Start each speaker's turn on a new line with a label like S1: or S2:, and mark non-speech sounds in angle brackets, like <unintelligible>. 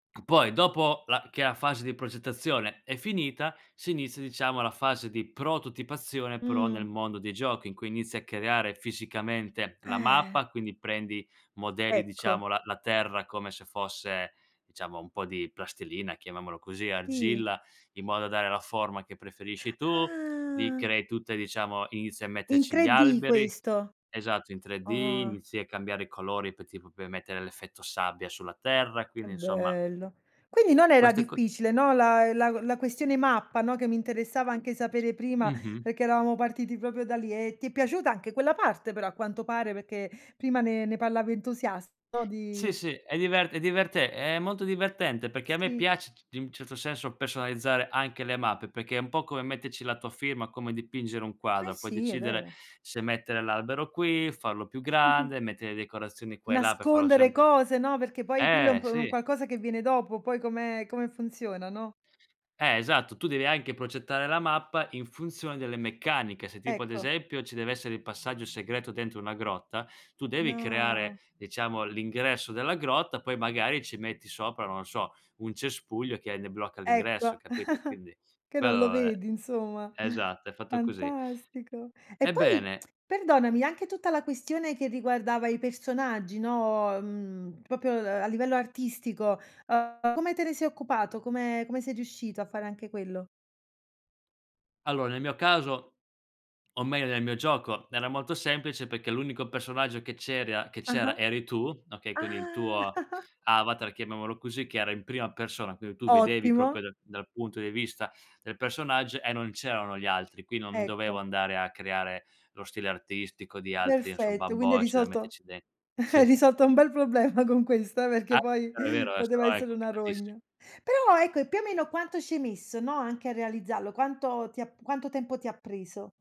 S1: Poi dopo la che la fase di progettazione è finita, si inizia diciamo la fase di prototipazione però nel
S2: Mh.
S1: mondo dei giochi, in cui inizi a creare fisicamente la
S2: Eh.
S1: mappa, quindi prendi modelli diciamo
S2: Ecco.
S1: la la terra come se fosse diciamo, un po' di plastilina, chiamiamolo così,
S2: Sì.
S1: argilla, in modo da dare la forma che preferisci tu. Gli
S2: Ah.
S1: crei tutte diciamo, inizia a
S2: In
S1: metterci gli
S2: 3D
S1: alberi.
S2: questo?
S1: Esatto, in 3D
S2: Ah.
S1: inizi a cambiare i colori, poi tipo puoi mettere l'effetto sabbia sulla terra.
S2: Che
S1: Quindi, insomma
S2: bello. Quindi non era
S1: queste co
S2: difficile, no, la la la questione mappa, no, che mi interessava
S1: <unintelligible>
S2: anche sapere prima,
S1: Mh-mh.
S2: perché eravamo partiti proprio da lì e ti è piaciuta anche quella parte però, a quanto pare, perché prima ne ne parlava entusiasta
S1: Sì,
S2: di
S1: sì, è divert è diverte è molto divertente perché a me
S2: Sì.
S1: piace c c in un certo senso personalizzare anche le mappe, perché è un po' come metterci la tua firma, come dipingere un
S2: Eh,
S1: quadro, puoi
S2: sì, è
S1: decidere
S2: vero.
S1: se mettere l'albero qui, farlo più
S2: <chuckles>
S1: grande, mettere le decorazioni qua e là per farlo
S2: Nascondere
S1: sembr
S2: cose, no, perché poi quello è un
S1: eh,
S2: pr un
S1: sì.
S2: qualcosa che viene dopo, poi come come funziona, no?
S1: Eh, esatto, tu devi anche progettare la mappa in funzione delle meccaniche. Se tipo ad
S2: Ecco.
S1: esempio ci deve essere il passaggio segreto dentro una grotta, tu devi creare,
S2: No.
S1: diciamo, l'ingresso della grotta, poi magari ci metti sopra, non so, un cespuglio che hai ne blocca l'ingresso,
S2: Ecco, <chuckles>
S1: capito, quindi
S2: che non lo
S1: quello è
S2: vedi insomma. <chuckles>
S1: esatto, è fatto così.
S2: Fantastico. E poi,
S1: Ebbene
S2: perdonami, anche tutta la questione che riguardava i personaggi, no, uhm, proprio a livello artistico, uhm, come te ne sei occupato? Come come sei riuscito a fare anche quello?
S1: Allora, nel mio caso, o meglio, nel mio gioco, era molto semplice perché l'unico personaggio che c'eri a che
S2: Ah-ah.
S1: c'era eri tu, okay. Quindi il
S2: Ah.
S1: tuo
S2: <chuckles>
S1: avatar chiamiamolo così, che era in prima persona, quindi tu vedevi
S2: Ottimo.
S1: proprio da dal punto di vista del personaggio e non c'erano gli altri. Qui non dovevo
S2: Ecco.
S1: andare a creare lo stile artistico di altri insomma,
S2: Perfetto, quindi hai
S1: bambocci da
S2: risolto
S1: metterci den
S2: <chuckles>
S1: sì.
S2: hai risolto un bel problema con questa,
S1: Ah
S2: perché poi
S1: è vero, è vero, eh,
S2: poteva
S1: sennò è
S2: essere una
S1: complicatissimo.
S2: rogna. Però ecco, più o meno quanto ci hai messo, no, anche a realizzarlo? Quanto ti ha p quanto tempo ti ha preso?